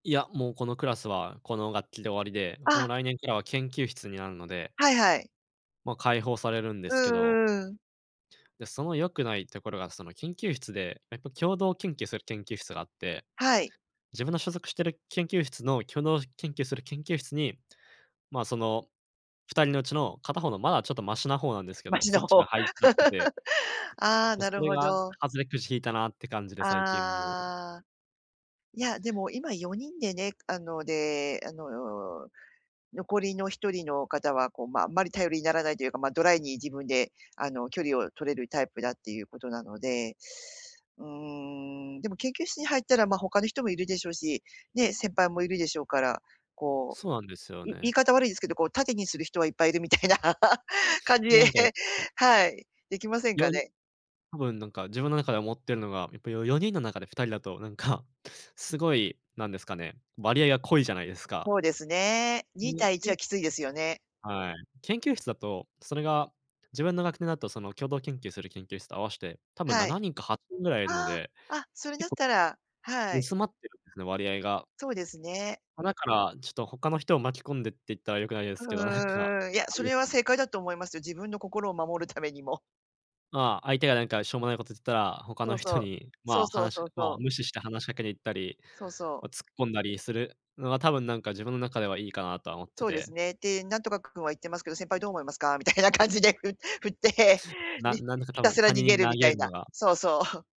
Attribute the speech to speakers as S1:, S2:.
S1: いや、もうこのクラスはこの学期で終わりで、もう
S2: あ。
S1: 来年からは研究室になるので。
S2: はいはい。
S1: ま、解放されるんで
S2: う
S1: すけど。
S2: んうんうん。
S1: で、その良くないところが、その研究室で、やっぱ共同研究する研究室があって、
S2: はい。
S1: 自分の所属してる研究室の共同研究する研究室に、ま、その2人のうちの片方のまだちょっとマシな方なんですけ
S2: マ
S1: ど、
S2: シ
S1: そ
S2: な
S1: っちが
S2: 方。
S1: 入っちゃってて。
S2: ああ、
S1: ま、
S2: な
S1: そ
S2: る
S1: れ
S2: ほ
S1: が
S2: ど。
S1: 外れくじ引いたなって感じで、最近もう
S2: ああ。いや、でも今4人でね、あので、あの、残りの1人の方はこうまああんまり頼りにならないというか、まあドライに自分であの距離を取れるタイプだっていうことなので、うーん、でも研究室に入ったらま他の人もいるでしょうし、ね、先輩もいるでしょうから、こ
S1: そうなんですよ
S2: う、い言
S1: ね。
S2: い方悪いですけど、こう盾にする人はいっぱいいるみたいな感じで、
S1: なんかやっぱり。
S2: はい、できませんか
S1: よに
S2: ね。
S1: 多分なんか自分の中で思っているのが、やっぱりよ4人の中で2人だと、なんか、すごい、なんですかね、割合が濃いじゃないですか？
S2: そうですね、2対1は
S1: [unintelligible]
S2: きついですよね。
S1: はい、研究室だと、それが自分の学年だとその共同研究する研究室と合わして、多分
S2: は
S1: な
S2: い。
S1: なにんか8人ぐらいいるの
S2: あ
S1: で、
S2: あ、あ、それ
S1: けっ
S2: だっ
S1: こ
S2: たら、はい。
S1: 薄まってるんですね、割合が。
S2: そうですね。
S1: ま、だから、ちょっと他の人を巻き込んでって言ったら良くないです
S2: う
S1: けど、なんか、
S2: ーん、いや、
S1: あれ
S2: そ
S1: です
S2: れは
S1: かね。
S2: 正解だと思いますよ。自分の心を守るためにも。
S1: ま、相手がなんかしょうもないこと言ったら、他の
S2: そうそ
S1: 人
S2: う、
S1: に、
S2: そ
S1: ま、
S2: うそう
S1: 話し
S2: そう
S1: ま、
S2: そう。
S1: 無視して話しかけに行ったり、
S2: そうそ
S1: お
S2: う。
S1: 突っ込んだりするのは多分なんか自分の中ではいいかなとは思って
S2: そうです
S1: て。
S2: ね。で、「なんとか君は言ってますけど、先輩どう思いますか？」みたいな感じでふ振って。
S1: な
S2: に
S1: んなんだか
S2: ひ
S1: 多
S2: た
S1: 分、
S2: すら
S1: 他
S2: 逃
S1: 人
S2: げ
S1: に
S2: る
S1: 投
S2: みた
S1: げ
S2: い
S1: るの
S2: な、
S1: が。
S2: そうそう。